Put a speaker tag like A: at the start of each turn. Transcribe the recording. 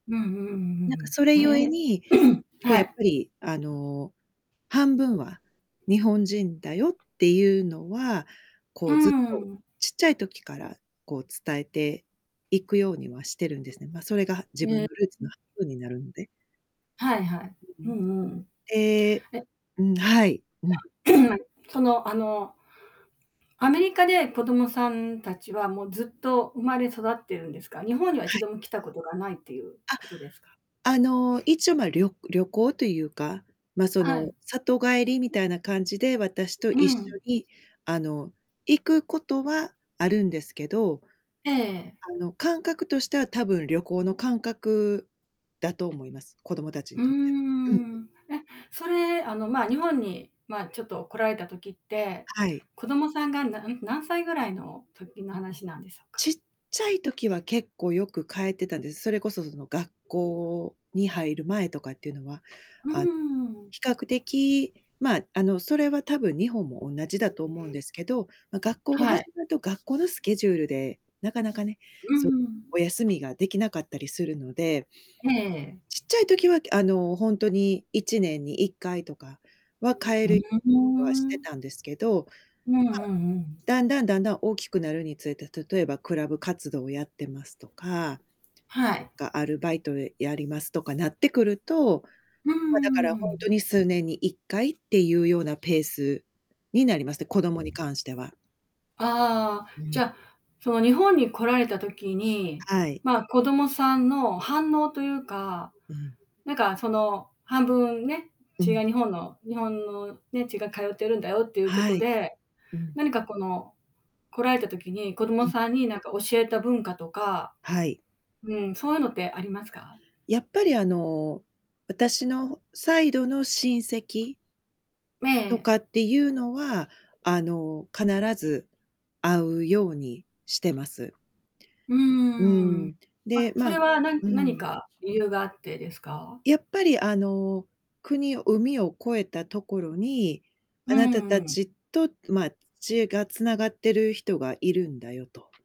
A: うんうんう
B: なんか
A: ん
B: それ
A: うん。
B: 故
A: へ
B: に、
A: え。
B: こう
A: は
B: やっ
A: い。
B: ぱり、あの、半
A: [unintelligible]
B: 分は日本人だよっていうのは、こ
A: う
B: うずっと
A: ん。
B: ちっちゃい時から、こう伝えていくようにはしてるんですね。ま、それが
A: う
B: 自
A: ん。へ
B: 分のルーツ
A: え。
B: の
A: ん。
B: 半分になるので。
A: はいはい、
B: うん
A: う
B: うん。
A: んうん。
B: ええ
A: え。
B: うん、はい、うん。
A: その、あの、アメリカで子供さん達は、もうずっと生まれ育ってるんですか。日本にはい
B: は
A: ち
B: い。
A: ども来たことがないっていう
B: あ、
A: ことですか？
B: あの、一応、ま、りょ旅行というか、ま、そ
A: は
B: の
A: い。
B: 里帰りみたいな感じで、私と
A: う
B: 一緒
A: ん。
B: に、あの、行くことはあるんですけど
A: ええええ。
B: あの、感覚としては多分旅行の感覚だと思います。子供たち
A: う
B: に
A: ー
B: とって。うんうん。
A: ん。え、それ、あの、まあ、日本に、まあ、ちょっと来られた時って、
B: あ、はい。
A: 子供さんがなん何歳ぐらいの時の話なんでしょうか？
B: ちっちゃい時は結構よく帰ってたんです。それこそその学
A: [unintelligible]
B: 校に入る前とかっていうのは。
A: う
B: あの、
A: ーん。
B: 比較的、まあ、あの、それはたぶん日本も同じだと思うんで
A: [unintelligible]
B: すけど、ま、学校が
A: は
B: 始
A: い。
B: まると、学校のスケジュールで、なかなかね、
A: う
B: そ
A: ん
B: う、
A: うん。
B: お休みができなかったりするので
A: ええええ。
B: ちっちゃい時は、あの、ほんとに1年に1回とかは
A: [unintelligible]
B: 帰
A: ふ
B: れ
A: ん、ふふ
B: はし
A: ー
B: て
A: ん
B: たんですけど、
A: うんう
B: ま
A: ん
B: あ、
A: うん。
B: だんだんだんだん大きくなるにつれて、例えばクラブ活動をやってますとか、
A: はい。
B: か、アルバイトでやりますとかなってくると、
A: うん
B: ま、だか
A: う
B: ら
A: んう
B: ほんと
A: ん。
B: に数年に1回っていうようなペースになりまして、子供に関しては。
A: ああ、
B: う
A: じ
B: ん。
A: ゃ、その日本に来られた時に、
B: あ、はい。
A: まあ、子供さんの反応というか、
B: うん。
A: なんか、その、半分ね、
B: う
A: 血
B: ん。
A: が日本の日本のね、血が通ってるんだよっていうこ
B: は
A: と
B: い。
A: で、
B: うん。
A: 何かこの、来られた時に、子供
B: うん。
A: さんになんか教えた文化とか、
B: はい。
A: うん、そういうのってありますか？
B: やっぱり、あの、私のサイドの親戚
A: ええ
B: と
A: ええ。
B: かっていうのは、あの、必ず、会うようにしてます。
A: う
B: う
A: ーん。
B: ん。
A: あ、
B: で、
A: そ
B: ま
A: れはな
B: う
A: 何
B: ん。
A: か理由があってですか？
B: やっぱりあの、国海を越えたところに、
A: う
B: あなたた
A: んうん。
B: ちと、まあ、血が繋がっている人がいるんだよと。